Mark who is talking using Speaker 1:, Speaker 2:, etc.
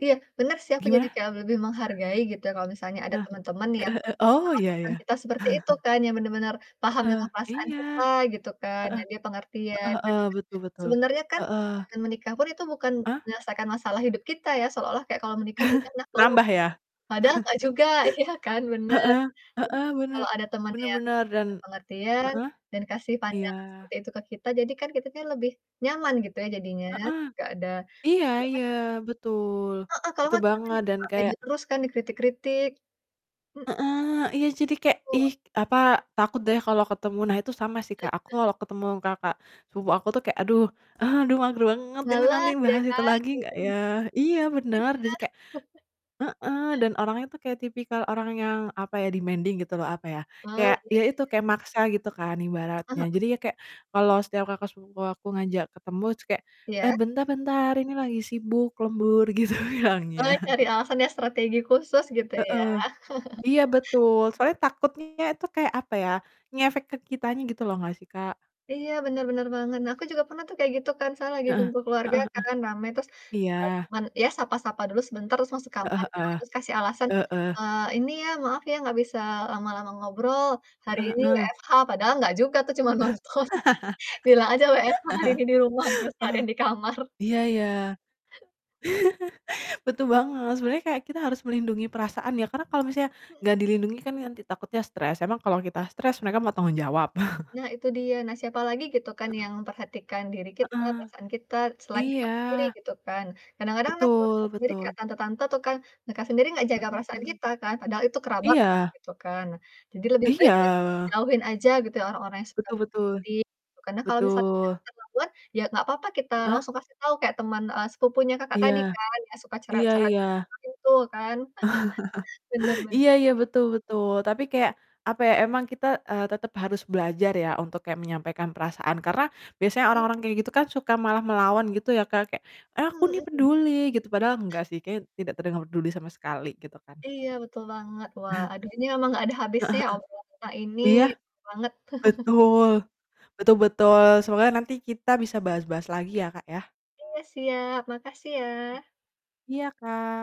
Speaker 1: Iya benar sih, aku jadi
Speaker 2: Gimana?
Speaker 1: kayak le lebih menghargai gitu, kalau misalnya ada
Speaker 2: Hah,
Speaker 1: teman-teman yang
Speaker 2: heeh heeh, oh, ya
Speaker 1: melakukan
Speaker 2: ya.
Speaker 1: kita seperti itu kan. Ya benar benar, paham
Speaker 2: Heeh,
Speaker 1: dengan perasaan
Speaker 2: iya.
Speaker 1: kita gitu kan,
Speaker 2: Heeh,
Speaker 1: nah dia
Speaker 2: heeh
Speaker 1: pengertian
Speaker 2: heeh. Betul
Speaker 1: [unintelligible]
Speaker 2: betul.
Speaker 1: sebenarnya kan
Speaker 2: Heeh.
Speaker 1: menikah pun, itu bukan
Speaker 2: Ah?
Speaker 1: menyelesaikan masalah hidup kita ya, seolah kayak kalau menikah udahlah. [unintelligible]
Speaker 2: Nambah ya?
Speaker 1: Padahal nggak juga iya kan, benar.
Speaker 2: Heeh,
Speaker 1: Jadi,
Speaker 2: heeh, bener.
Speaker 1: kalau ada teman
Speaker 2: Bener
Speaker 1: yang
Speaker 2: bener dan
Speaker 1: pengertian
Speaker 2: heeh.
Speaker 1: dan kasih
Speaker 2: Iya.
Speaker 1: pandangan seperti itu ke kita jadi kan kita lebih nyaman gitu ya, jadinya
Speaker 2: Heeh.
Speaker 1: nggak ada
Speaker 2: Iya iya,
Speaker 1: [unintelligible]
Speaker 2: betul.
Speaker 1: Heeh. Kalau
Speaker 2: Betul
Speaker 1: nggak kita kan
Speaker 2: banget
Speaker 1: jadinya
Speaker 2: dan
Speaker 1: nggak pede
Speaker 2: kayak
Speaker 1: terus kan dikritik-kritik. M
Speaker 2: Heeh. Iya, jadi kayak,
Speaker 1: Betul.
Speaker 2: "Ih apa, takut deh kalau ketemu." Nah, itu sama sih, Kak. Aku kalau ketemu kakak sepupu aku tuh kayak, "Aduh, aduh mager banget ini nanti
Speaker 1: Malas ya
Speaker 2: bahas itu
Speaker 1: kan?
Speaker 2: lagi nggak
Speaker 1: Mhm.
Speaker 2: ya?" Iya
Speaker 1: Iya.
Speaker 2: bener, jadi kayak heeh. Dan orangnya tuh kayak tipikal orang yang apa ya? Demanding gitu loh apa ya,
Speaker 1: Oh, iya
Speaker 2: kayak ya
Speaker 1: Kak
Speaker 2: itu
Speaker 1: ya.
Speaker 2: kayak maksa gitu kan
Speaker 1: Heeh
Speaker 2: ibaratnya.
Speaker 1: heeh.
Speaker 2: Jadi ya kayak kalau setiap kakak sepupu aku ngajak ketemu terus kayak, "Eee,
Speaker 1: Iya.
Speaker 2: bentar-bentar ini lagi sibuk lembur," gitu bilangnya.
Speaker 1: Oh, cari alasan ya strategi khusus gitu ya.
Speaker 2: Heeh. Iya betul,
Speaker 1: Iya.
Speaker 2: soalnya takutnya itu kayak apa ya, ngefek ke kitanya gitu loh nggak sih, Kak?
Speaker 1: Iya bener bener banget. Nah, aku juga pernah tuh kayak gitu kan saya lagi
Speaker 2: Heeh.
Speaker 1: kumpul
Speaker 2: Heeh
Speaker 1: keluarga
Speaker 2: heeh.
Speaker 1: kan, rame terus ya
Speaker 2: Iya.
Speaker 1: cuman ya sapa-sapa dulu sebentar terus masuk
Speaker 2: Heeh
Speaker 1: kamarkan,
Speaker 2: heeh.
Speaker 1: terus kasih alasan,
Speaker 2: Heeh.
Speaker 1: "Eee, ini ya maaf ya nggak bisa lama-lama ngobrol, hari
Speaker 2: Heeh
Speaker 1: ini
Speaker 2: heeh.
Speaker 1: WFH," padahal nggak juga tuh cuman nonton. Bilang aja WFH hari ini di rumah gitu seharian di kamar.
Speaker 2: Iya iya. Betul banget, sebenernya kayak kita harus melindungi perasaan ya, karena kalau misalnya
Speaker 1: Mhm.
Speaker 2: nggak dilindungi kan nanti takutnya stres, emang kalau kita stres mereka mau tanggung jawab.
Speaker 1: Nah, itu dia. Nah siapa lagi gitu kan
Speaker 2: Heeh.
Speaker 1: yang memperhatikan diri kita,
Speaker 2: Heeh.
Speaker 1: perasaan kita, selain kita
Speaker 2: Iya.
Speaker 1: sendiri gitu kan. Kadang-kadang malah keluarga
Speaker 2: Betul
Speaker 1: sendiri kayak
Speaker 2: betul.
Speaker 1: tante-tante tuh kan, mereka sendiri nggak
Speaker 2: M
Speaker 1: jaga perasaan
Speaker 2: mhm.
Speaker 1: kita kan. Padahal itu kerabat loh
Speaker 2: Iya.
Speaker 1: gitu kan. Nah, jadi lebih baik ya,
Speaker 2: Iya.
Speaker 1: jauhin aja gitu orang-orang yang suka
Speaker 2: Betul betul.
Speaker 1: mengkritik gitu. Karena kalau misalnya
Speaker 2: Betul.
Speaker 1: kita nggak kuat, ya nggak apa-apa kita
Speaker 2: Heeh.
Speaker 1: langsung kasih tahu kayak teman, eee, sepupunya Kakak
Speaker 2: Iya.
Speaker 1: tadi kan yang suka
Speaker 2: Iya
Speaker 1: cerewet-cerewet pada
Speaker 2: iya.
Speaker 1: saat kumpul kan. Benar
Speaker 2: Iya
Speaker 1: benar.
Speaker 2: iya, betul betul, tapi kayak apa ya, emang kita, eee, tetep harus belajar ya, untuk kayak menyampaikan perasaan karena, biasanya
Speaker 1: Iya.
Speaker 2: orang-orang kayak gitu kan suka malah melawan gitu ya, Kak. Kayak, "Aku
Speaker 1: Mhm
Speaker 2: nih
Speaker 1: mhm.
Speaker 2: peduli," gitu padahal enggak sih kayaknya tidak terdengar peduli sama sekali gitu kan.
Speaker 1: Iya betul banget. Wah aduh ini emang nggak ada
Speaker 2: Heeh
Speaker 1: habisnya
Speaker 2: heeh.
Speaker 1: obrolan kita ini
Speaker 2: Iya,
Speaker 1: seru banget.
Speaker 2: betul, betul betul. Semoga nanti kita bisa bahas-bahas lagi ya, Kak, ya.
Speaker 1: Iya siap, makasih ya.
Speaker 2: Iya, Kak.